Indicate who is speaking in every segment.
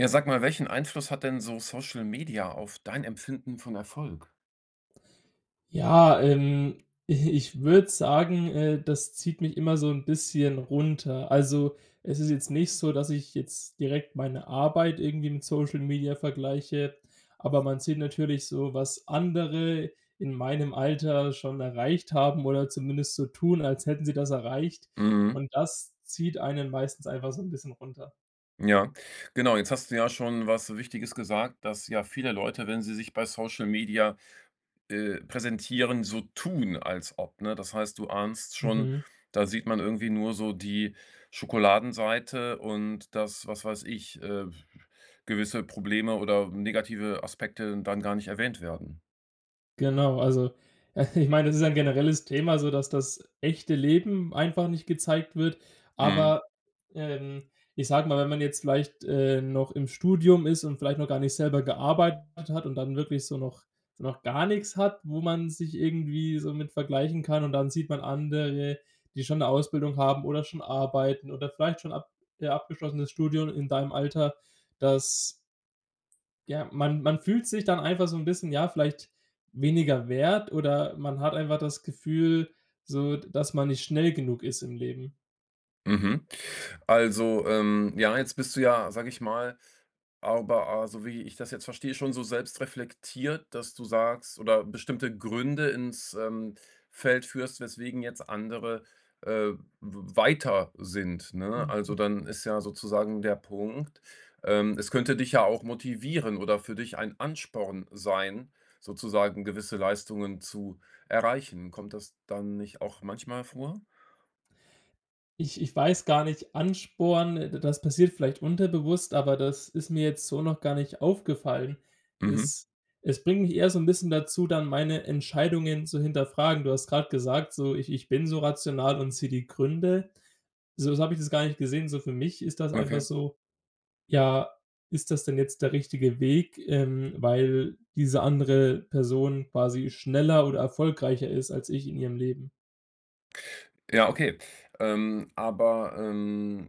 Speaker 1: Ja, sag mal, welchen Einfluss hat denn so Social Media auf dein Empfinden von Erfolg?
Speaker 2: Ja, ähm, i ich würde sagen, äh, das zieht mich immer so 'n bisschen runter. Also, es ist jetzt nicht so, dass ich jetzt direkt meine Arbeit irgendwie mit Social Media vergleiche. Aber man sieht natürlich so, was andere in meinem Alter schon erreicht haben oder zumindest so tun, als hätten sie das erreicht.
Speaker 1: Mhm.
Speaker 2: Und das zieht einen meistens einfach so 'n bisschen runter.
Speaker 1: Ja. Genau, jetzt hast du ja schon was Wichtiges gesagt, dass, ja, viele Leute, wenn sie sich bei Social Media, äh, präsentieren, so tun, als ob, ne? Das heißt, du ahnst schon,
Speaker 2: Mhm.
Speaker 1: da sieht man irgendwie nur so die Schokoladenseite und, dass was weiß ich, äh, gewisse Probleme oder negative Aspekte dann gar nicht erwähnt werden.
Speaker 2: Genau, also ich meine, das ist ein generelles Thema, so, dass das echte Leben einfach nicht gezeigt wird.
Speaker 1: Mhm.
Speaker 2: Aber, ähm, ich sage mal, wenn man jetzt vielleicht, äh, noch im Studium ist und vielleicht noch gar nicht selber gearbeitet hat und dann wirklich so noch so noch gar nix hat, wo man sich irgendwie so mit vergleichen kann. Und dann sieht man andere, die schon 'ne Ausbildung haben oder schon arbeiten oder vielleicht schon ab ja, abgeschlossenes Studium in deinem Alter, dass ja, man man fühlt sich dann einfach so 'n bisschen, ja, vielleicht weniger wert oder man hat einfach das Gefühl so, d dass man nicht schnell genug ist im Leben.
Speaker 1: Mhm. Also, ähm, ja, jetzt bist du ja, sage ich mal, aber a so wie ich das jetzt verstehe, schon so selbstreflektiert, dass du sagst oder bestimmte Gründe ins, ähm, Feld führst, weswegen jetzt andere, äh, w weiter sind, ne? Also
Speaker 2: Mhm.
Speaker 1: dann ist ja sozusagen der Punkt, ähm, es könnte dich ja auch motivieren oder für dich ein Ansporn sein, sozusagen gewisse Leistungen zu erreichen. Kommt das dann nicht auch manchmal vor?
Speaker 2: Ich ich weiß gar nicht, Ansporn, da das passiert vielleicht unterbewusst, aber das ist mir jetzt so noch gar nicht aufgefallen.
Speaker 1: Mhm.
Speaker 2: Es es bringt mich eher so 'n bisschen dazu, dann meine Entscheidungen zu hinterfragen. Du hast gesagt, so, „ich ich bin so rational und sehe die Gründe“. So, jetzt habe ich das gar nicht gesehen. So für mich ist das einfach
Speaker 1: Okay.
Speaker 2: so: „Ja, ist das denn jetzt der richtige Weg, ähm, weil diese andere Person quasi schneller oder erfolgreicher ist als ich in ihrem Leben?“
Speaker 1: Ja, okay. Ähm. Aber, ähm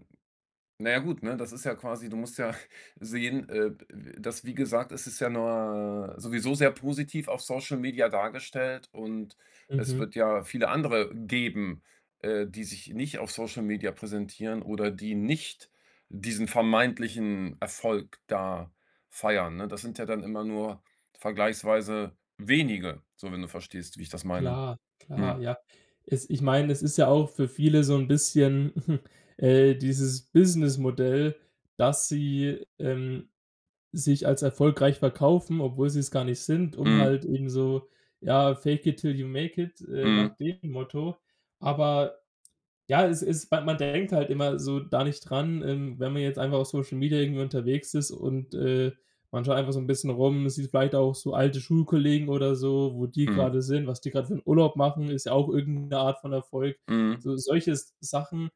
Speaker 1: na ja gut, ne, das ist ja quasi du musst ja sehen, äh, d äh, dass wie gesagt es ist ja ne sowieso sehr positiv auf Social Media dargestellt und es
Speaker 2: Mhm.
Speaker 1: wird ja viele andere geben, äh, die sich nicht auf Social Media präsentieren oder die nicht diesen vermeintlichen Erfolg da feiern, ne? Das sind ja dann immer nur vergleichsweise wenige, so wenn du verstehst, wie ich das meine.
Speaker 2: Klar, klar,
Speaker 1: Hm.
Speaker 2: ja. Es ich meine, es ist ja auch für viele so 'n bisschen, äh, dieses Businessmodell, dass sie, ähm, sich als erfolgreich verkaufen, obwohl sie es gar nicht sind, um
Speaker 1: Mhm.
Speaker 2: halt eben so ja, fake it till you make it, äh,
Speaker 1: Mhm.
Speaker 2: nach dem Motto. Aber ja, es es man denkt halt immer so da nicht dran, ähm, wenn man jetzt einfach auf Social Media irgendwie unterwegs ist und, äh, man schaut einfach so 'n bisschen rum. Sieht vielleicht auch so alte Schulkollegen oder so, wo die
Speaker 1: Mhm.
Speaker 2: grade sind, was die grad für 'n Urlaub machen ist ja auch irgend 'ne Art von Erfolg.
Speaker 1: Mhm.
Speaker 2: So solche S Sachen,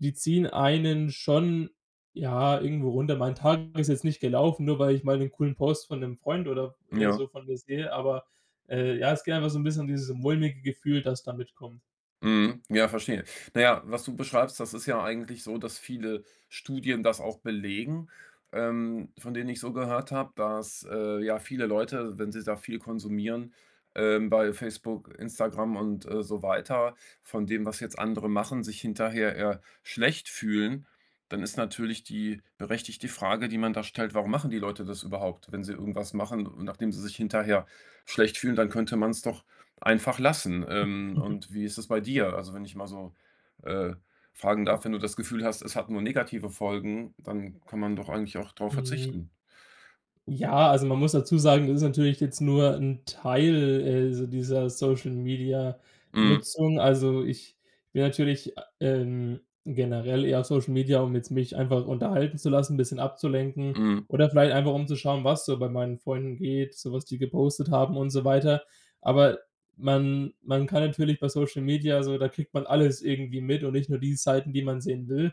Speaker 2: die ziehen einen schon, ja, irgendwo runter. Mein Tag ist jetzt nicht gelaufen, nur weil ich mal 'n coolen Post von 'nem Freund oder, äh,
Speaker 1: Ja.
Speaker 2: so vor mir sehe. Aber, äh, ja, ist gerne mal so 'n bisschen dieses mulmige Gefühl, dass da mitkommt.
Speaker 1: Mhm. Ja, verstehe. Na ja, was du beschreibst, das ist ja eigentlich so, dass viele Studien das auch belegen, ähm, von denen ich so gehört habe, dass, äh, ja, viele Leute, wenn sie da viel konsumieren, ähm, bei Facebook, Instagram und, äh, so weiter, von dem, was jetzt andere machen, sich hinterher eher schlecht fühlen. Dann ist natürlich die berechtigte Frage, die man da stellt: „Warum machen die Leute das überhaupt?" Wenn sie irgendwas machen und nachdem sie sich hinterher schlecht fühlen, dann könnte man's doch einfach lassen. Ähm, und wie ist das bei dir? Also, wenn ich mal so, äh, fragen darf? Wenn du das Gefühl hast, es hat nur negative Folgen, dann kann man doch eigentlich auch drauf
Speaker 2: Hm.
Speaker 1: verzichten.
Speaker 2: Ja, also man muss dazu sagen, es ist natürlich jetzt nur 'n Teil, äh, dies dieser
Speaker 1: Mhm.
Speaker 2: Social-Media-Nutzung. Also ich will natürlich a ähm, generell eher Social-Media, um jetzt mich einfach unterhalten zu lassen, bisschen abzulenken.
Speaker 1: Mhm.
Speaker 2: Oder vielleicht einfach, um zu schauen, was so bei meinen Freunden geht, so was die gepostet haben und so weiter. Aber man man kann natürlich bei Social-Media also, da kriegt man alles irgendwie mit und nicht nur die Seiten, die man sehen will.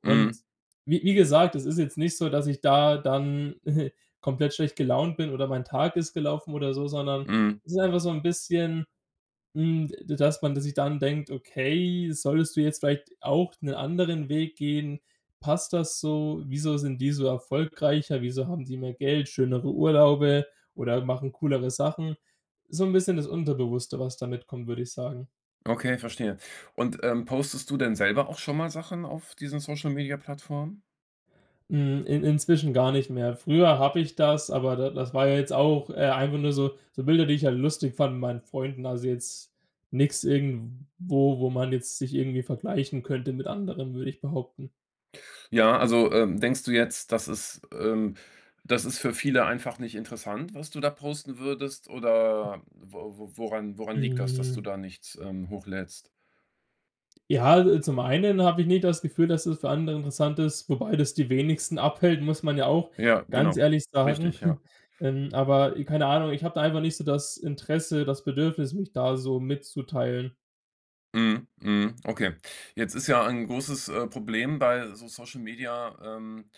Speaker 2: Und
Speaker 1: Mhm.
Speaker 2: wie wie gesagt, es ist jetzt nicht so, dass ich da dann, komplett schlecht gelaunt bin oder mein Tag ist gelaufen oder so, sondern
Speaker 1: Mhm.
Speaker 2: es ist einfach so 'n bisschen, hm, d dass man dass sich dann denkt: „Okay, solltest du jetzt vielleicht auch 'ne anderen Weg gehen? Passt das so? Wieso sind die so erfolgreicher? Wieso haben die mehr Geld, schönere Urlaube oder machen coolere Sachen?" So 'n bisschen das Unterbewusste, was da mitkommt, würde ich sagen.
Speaker 1: Okay, verstehe. Und, ähm, postest du denn selber auch schon mal Sachen auf diesen Social-Media-Plattformen?
Speaker 2: Hm, in inzwischen gar nicht mehr. Früher habe ich das, aber da das war ja jetzt auch äh, einfach nur so so Bilder, die ich halt lustig fande mit meinen Freunden. Also, jetzt nix irgendwo, wo man jetzt sich irgendwie vergleichen könnte mit anderen, würde ich behaupten.
Speaker 1: Ja, also, ähm, denkst du jetzt, das ist ähm, das ist für viele einfach nicht interessant, was du da posten würdest, oder wo wo woran woran liegt das, dass du
Speaker 2: Hm.
Speaker 1: da nichts, ähm, hochlädst?
Speaker 2: Ja, al zum einen habe ich nicht das Gefühl, dass es für andere interessant ist, wobei das die wenigsten abhält, muss man ja auch
Speaker 1: Ja,
Speaker 2: ganz
Speaker 1: genau.
Speaker 2: ehrlich sagen.
Speaker 1: Richtig, ja.
Speaker 2: Ähm, aber i keine Ahnung, ich habe da einfach nicht so das Interesse, das Bedürfnis, mich da so mitzuteilen.
Speaker 1: Mhm, mhm. Okay. Jetzt ist ja ein großes, äh, Problem bei so Social Media ähm,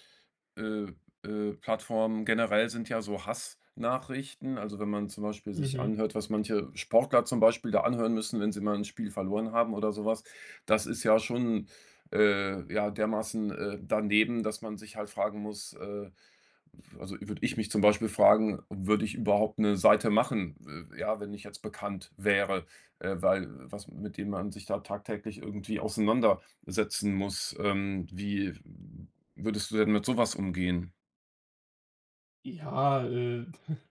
Speaker 1: äh, äh, Plattformen generell sind ja so Hass-Nachrichten, also wenn man zum Beispiel sich
Speaker 2: Mhm.
Speaker 1: anhört, was manche Sportler zum Beispiel da anhören müssen, wenn sie mal 'n Spiel verloren haben oder so was. Das ist ja schon, äh, ja, dermaßen, äh, daneben, dass man sich halt fragen muss äh, f also würde ich mich zum Beispiel fragen, würde ich überhaupt 'ne Seite machen, we ja, wenn ich jetzt bekannt wäre, äh, weil was mit dem man sich da tagtäglich irgendwie auseinandersetzen muss. Ähm, wie würdest du denn mit sowas umgehen?
Speaker 2: Ja, äh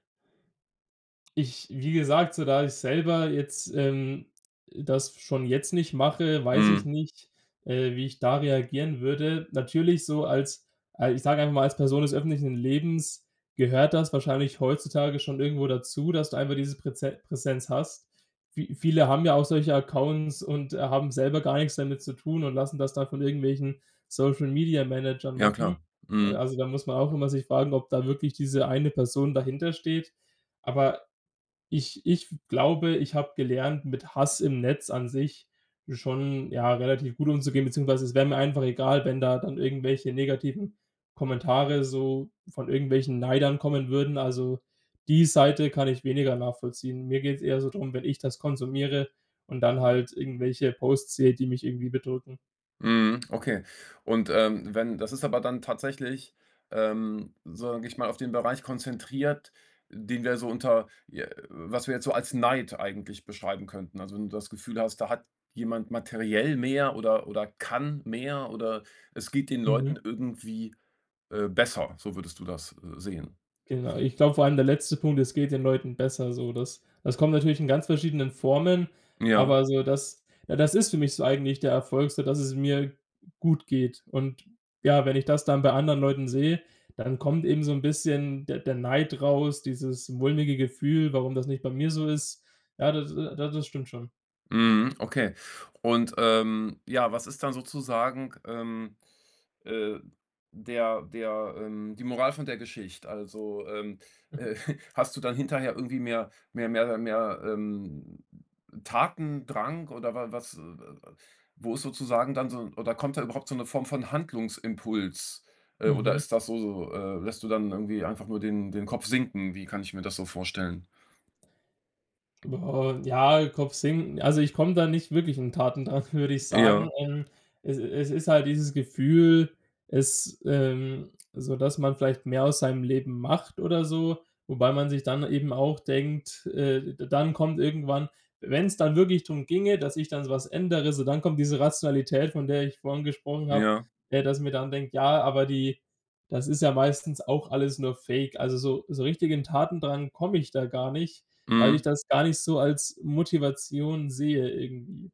Speaker 2: Ich wie gesagt, so da ich selber jetzt, ähm, äh, das schon jetzt nicht mache, weiß ich
Speaker 1: Mhm.
Speaker 2: nicht, äh, wie ich da reagieren würde. Natürlich so als, a ich sage einfach mal, als Person des öffentlichen Lebens gehört das wahrscheinlich heutzutage schon irgendwo dazu, dass du einfach dieses Präze Präsenz hast. Vie viele haben ja auch solche Accounts und, äh, haben selber gar nix damit zu tun und lassen das dann von irgendwelchen Social-Media-Managern
Speaker 1: Ja
Speaker 2: machen.
Speaker 1: klar.
Speaker 2: Äh,
Speaker 1: Mhm.
Speaker 2: also da muss man auch immer sich fragen, ob da wirklich diese eine Person dahintersteht. Aber ich ich f glaube, ich habe gelernt, mit Hass im Netz an sich schon, ja, relativ gut umzugehen, beziehungsweise es wäre mir einfach egal, wenn da dann irgendwelche negativen Kommentare so von irgendwelchen Neidern kommen würden. Also die Seite kann ich weniger nachvollziehen. Mir geht's eher so drum, wenn ich das konsumiere und dann halt irgendwelche Posts sehe, die mich irgendwie bedrücken.
Speaker 1: Mhm, okay. Und, ähm, wenn das ist aber dann tatsächlich, ähm, sage ich mal, auf den Bereich konzentriert, den wir so unter je was wir jetzt so als Neid eigentlich beschreiben könnten. Also, wenn du das Gefühl hast, da hat jemand materiell mehr oder oder kann mehr oder es geht den
Speaker 2: Mhm.
Speaker 1: Leuten irgendwie, äh, besser, so würdest du das, äh, sehen.
Speaker 2: Genau. Ich glaube, vor allem der letzte Punkt, es geht den Leuten besser so. Das das kommt natürlich in ganz verschiedenen Formen,
Speaker 1: Ja.
Speaker 2: aber so das ja, das ist für mich so eigentlich der Erfolg so, dass es mir gut geht. Und ja, wenn ich das dann bei anderen Leuten sehe, dann kommt eben so 'n bisschen der der Neid raus, dieses mulmige Gefühl, warum das nicht bei mir so ist. Ja, da äh, da das stimmt schon.
Speaker 1: Mhm, okay. Und, ähm, ja, was ist dann sozusagen, ähm, äh, der der ähm, die Moral von der Geschicht? Also, ähm,
Speaker 2: Mhm.
Speaker 1: äh, hast du dann hinterher irgendwie mehr mehr mehr mehr mehr, ähm, Tatendrang oder wa was äh, äh, äh, wo ist sozusagen dann so oder kommt da überhaupt so 'ne Form von Handlungsimpuls? Äh, oder
Speaker 2: Mhm.
Speaker 1: ist das so so äh, lässt du dann irgendwie einfach nur den den Kopf sinken? Wie kann ich mir das so vorstellen?
Speaker 2: Boah, ja, Kopf senken also ich komme da nicht wirklich in Tatendrang, würde ich sagen.
Speaker 1: Ja.
Speaker 2: Ähm, es es ist halt dieses Gefühl es ähm, so dass man vielleicht mehr aus seinem Leben macht oder so. Wobei man sich dann eben auch denkt äh, d dann kommt irgendwann wenn's dann wirklich drum ginge, dass ich dann so was ändere so dann kommt diese Rationalität, von der ich vorhin gesprochen habe,
Speaker 1: Ja.
Speaker 2: äh, dass ich mir dann denke: „Ja, aber die das ist ja meistens auch alles nur Fake.“ Also so so richtig in Tatendrang komme ich da gar nicht, weil ich
Speaker 1: Mhm.
Speaker 2: das gar nicht so als Motivation sehe irgendwie.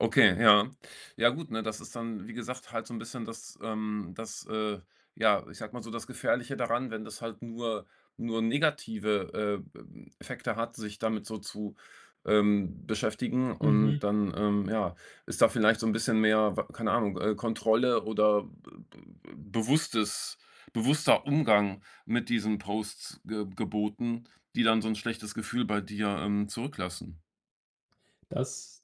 Speaker 1: Okay, ja. Ja gut, ne, das ist dann, wie gesagt, halt so 'n bisschen das, ähm, das, äh, ja, ich sage mal so das Gefährliche daran, wenn das halt nur nur negative, äh, ähm, Effekte hat, sich damit so zu, ähm, beschäftigen und
Speaker 2: Mhm.
Speaker 1: dann, ähm, ja, ist da vielleicht so 'n bisschen mehr, wa keine Ahnung, äh, Kontrolle oder be be be bewusstes bewusster Umgang mit diesen Posts geb geboten, die dann so 'n schlechtes Gefühl bei dir, ähm, zurücklassen.
Speaker 2: Das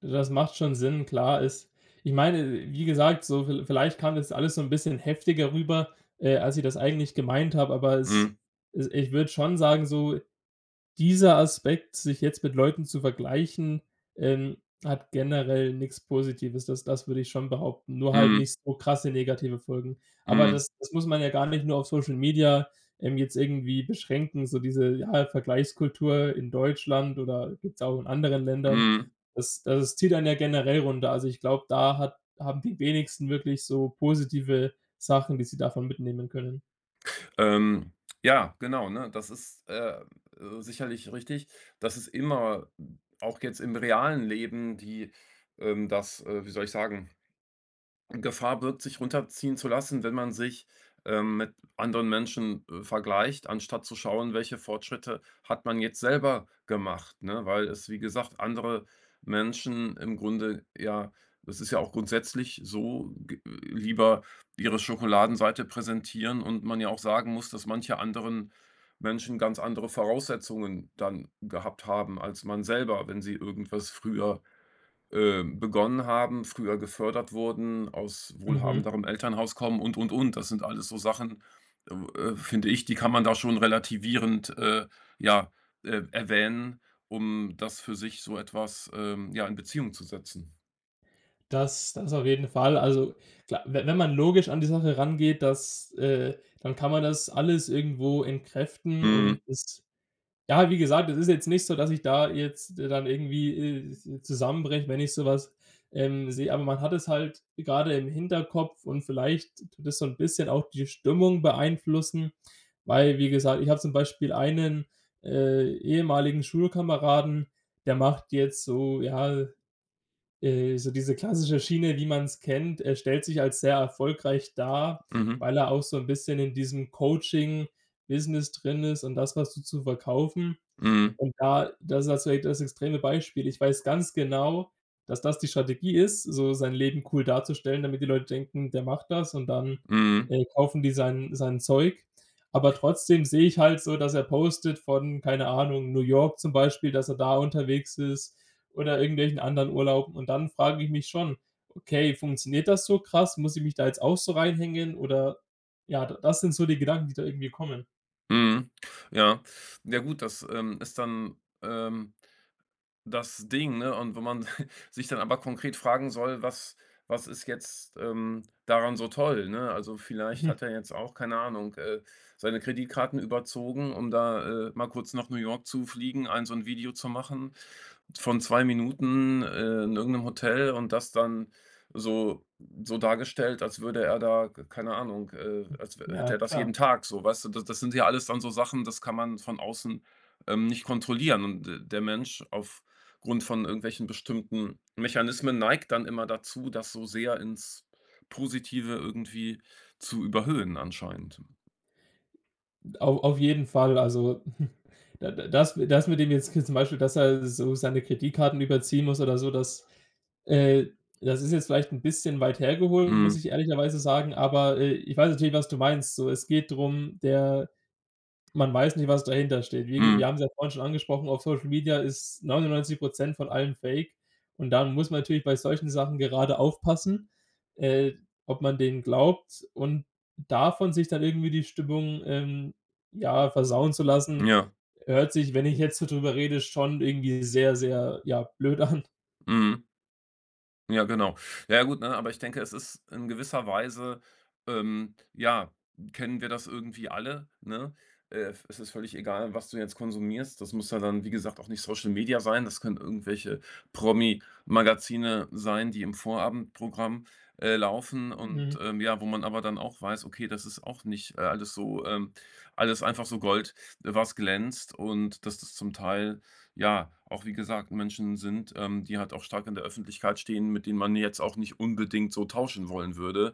Speaker 2: du das macht schon Sinn. Klar, ist ich meine, wie gesagt, so viel vielleicht kam das alles so 'n bisschen heftiger rüber, äh, als ich das eigentlich gemeint habe. Aber es
Speaker 1: Mhm.
Speaker 2: es ich würde schon sagen, so dieser Aspekt, sich jetzt mit Leuten zu vergleichen, ähm, hat generell nix Positives. Das das würde ich schon behaupten, nur halt
Speaker 1: Mhm.
Speaker 2: nicht so krasse negative Folgen. Aber
Speaker 1: Mhm.
Speaker 2: das das muss man ja gar nicht nur auf Social Media, ähm, jetzt irgendwie beschränken, so diese ja, Vergleichskultur in Deutschland oder gibt's auch in anderen Ländern.
Speaker 1: Mhm.
Speaker 2: Das das es zieht einen ja generell runter. Also ich glaube, da hat haben die wenigsten wirklich so positive Sachen, die sie davon mitnehmen können.
Speaker 1: Ähm, ja, genau, ne? Das ist, äh äh, sicherlich richtig. Das ist immer auch jetzt im realen Leben die, ähm, das äh, wie soll ich sagen, Gefahr birgt, sich runterziehen zu lassen, wenn man sich, ähm, mit anderen Menschen, äh, vergleicht, anstatt zu schauen, welche Fortschritte hat man jetzt selber gemacht, ne? Weil es, wie gesagt, andere Menschen im Grunde ja, es ist ja auch grundsätzlich so, g lieber ihre Schokoladenseite präsentieren und man ja auch sagen muss, dass manche anderen Menschen ganz andere Voraussetzungen dann gehabt haben, als man selber. Wenn sie irgendwas früher, äh, begonnen haben, früher gefördert wurden, aus
Speaker 2: Mhm.
Speaker 1: wohlhabenderem Elternhaus kommen und und und. Das sind alles so Sachen, w äh, finde ich, die kann man da schon relativierend, äh, ja, äh, erwähnen, um das für sich so etwas, ähm, ja, in Beziehung zu setzen.
Speaker 2: Das das auf jeden Fall. Also, kla we wenn man logisch an die Sache rangeht, dass äh, dann kann man das alles irgendwo entkräften und
Speaker 1: Mhm.
Speaker 2: es ja, wie gesagt, es ist jetzt nicht so, dass ich da jetzt dann irgendwie, äh, zu zusammenbreche, wenn ich so was, ähm, sehe. Aber man hat es halt grade im Hinterkopf und vielleicht tut das so 'n bisschen auch die Stimmung beeinflussen. Weil, wie gesagt, ich habe zum Beispiel einen, äh, ehemaligen Schulkameraden, der macht jetzt so, ja, äh so diese klassische Schiene, wie man's kennt. Er stellt sich als sehr erfolgreich dar,
Speaker 1: Mhm.
Speaker 2: weil er auch so 'n bisschen in diesem Coaching-Business drin ist und das, da so zu verkaufen.
Speaker 1: Mhm.
Speaker 2: Und da das ist jetzt vielleicht das extreme Beispiel. Ich weiß ganz genau, dass das die Strategie ist, so sein Leben cool darzustellen, damit die Leute denken, der macht das und dann,
Speaker 1: Mhm.
Speaker 2: äh, kaufen die sein sein Zeug. Aber trotzdem sehe ich halt so, dass er postet von- keine Ahnung- New York zum Beispiel, dass er da unterwegs ist oder irgendwelchen anderen Urlauben. Und dann frage ich mich schon: „Okay, funktioniert das so krass? Muss ich mich da jetzt auch so reinhängen“ oder ja, d das sind so die Gedanken, die da irgendwie kommen.
Speaker 1: Mhm, ja. Ja gut, das, ähm, ist dann, ähm, das Ding, ne? Und wenn man sich dann aber konkret fragen soll, was was ist jetzt, ähm, daran so toll, ne? Also, vielleicht
Speaker 2: Mhm.
Speaker 1: hat er jetzt auch, keine Ahnung, äh, seine Kreditkarten überzogen, um da, äh, mal kurz nach New York zu fliegen, ein so 'n Video zu machen von 2 Minuten, äh, in irgendeinem Hotel und das dann so so dargestellt, als würde er da, k keine Ahnung, äh als w hätte
Speaker 2: Ja,
Speaker 1: er das
Speaker 2: klar.
Speaker 1: jeden Tag so, weißt du? Das das sind ja alles dann so Sachen, das kann man von außen, ähm, nicht kontrollieren und d der Mensch aufgrund von irgendwelchen bestimmten Mechanismen neigt dann immer dazu, das so sehr ins Positive irgendwie zu überhüllen anscheinend.
Speaker 2: Au auf jeden Fall. Also, d d das das mit dem jetzt zum Beispiel, dass er so seine Kreditkarten überziehen muss oder so, das, äh das ist jetzt vielleicht 'n bisschen weit hergeholt, muss
Speaker 1: Mhm.
Speaker 2: ich ehrlicherweise sagen. Aber, äh, ich weiß natürlich, was du meinst so. Es geht drum, der man weiß nicht, was dahintersteht. Wir wir
Speaker 1: Mhm.
Speaker 2: haben es ja vorhin schon angesprochen, auf Social Media ist 99 % von allem Fake. Und dann muss man natürlich bei solchen Sachen gerade aufpassen, äh, ob man denen glaubt. Und davon sich dann irgendwie die Stimmung, ähm, ja, versauen zu lassen,
Speaker 1: Ja.
Speaker 2: hört sich, wenn ich jetzt so drüber rede, schon irgendwie sehr, sehr, ja, blöd an.
Speaker 1: Mhm. Ja, genau. Ja gut, ne, aber ich denke, es ist in gewisser Weise, ähm, ja kennen wir das irgendwie alle, ne? Äh, v es ist völlig egal, was du jetzt konsumierst. Das muss ja dann, wie gesagt, auch nicht Social Media sein. Das können irgendwelche Promi-Magazine sein, die im Vorabendprogramm, äh, laufen und,
Speaker 2: Mhm.
Speaker 1: ähm, ja, wo man aber dann auch weiß, okay, das ist auch nicht, äh, alles so, ähm alles einfach so Gold, was glänzt und dass das zum Teil, ja, auch wie gesagt Menschen sind, ähm, die halt auch stark in der Öffentlichkeit stehen, mit denen man jetzt auch nicht unbedingt so tauschen wollen würde,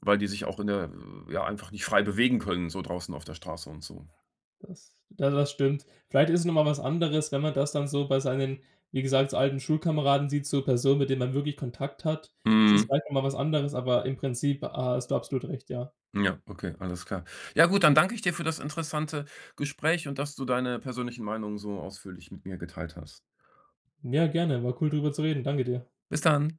Speaker 1: weil die sich auch in der ja, einfach nicht frei bewegen können, so draußen auf der Straße und so.
Speaker 2: Das da das stimmt. Vielleicht ist es noch mal was anderes, wenn man das dann so bei seinen, wie gesagt, so alten Schulkameraden sieht so Personen, mit denen man wirklich Kontakt hat. Es ist
Speaker 1: Mhm.
Speaker 2: vielleicht noch mal was anderes, aber im Prinzip, ha hast du absolut recht, ja.
Speaker 1: Ja, okay, alles klar. Ja gut, dann danke ich dir für das interessante Gespräch und dass du deine persönlichen Meinungen so ausführlich mit mir geteilt hast.
Speaker 2: Ja, gerne, war cool drüber zu reden. Danke dir.
Speaker 1: Bis dann.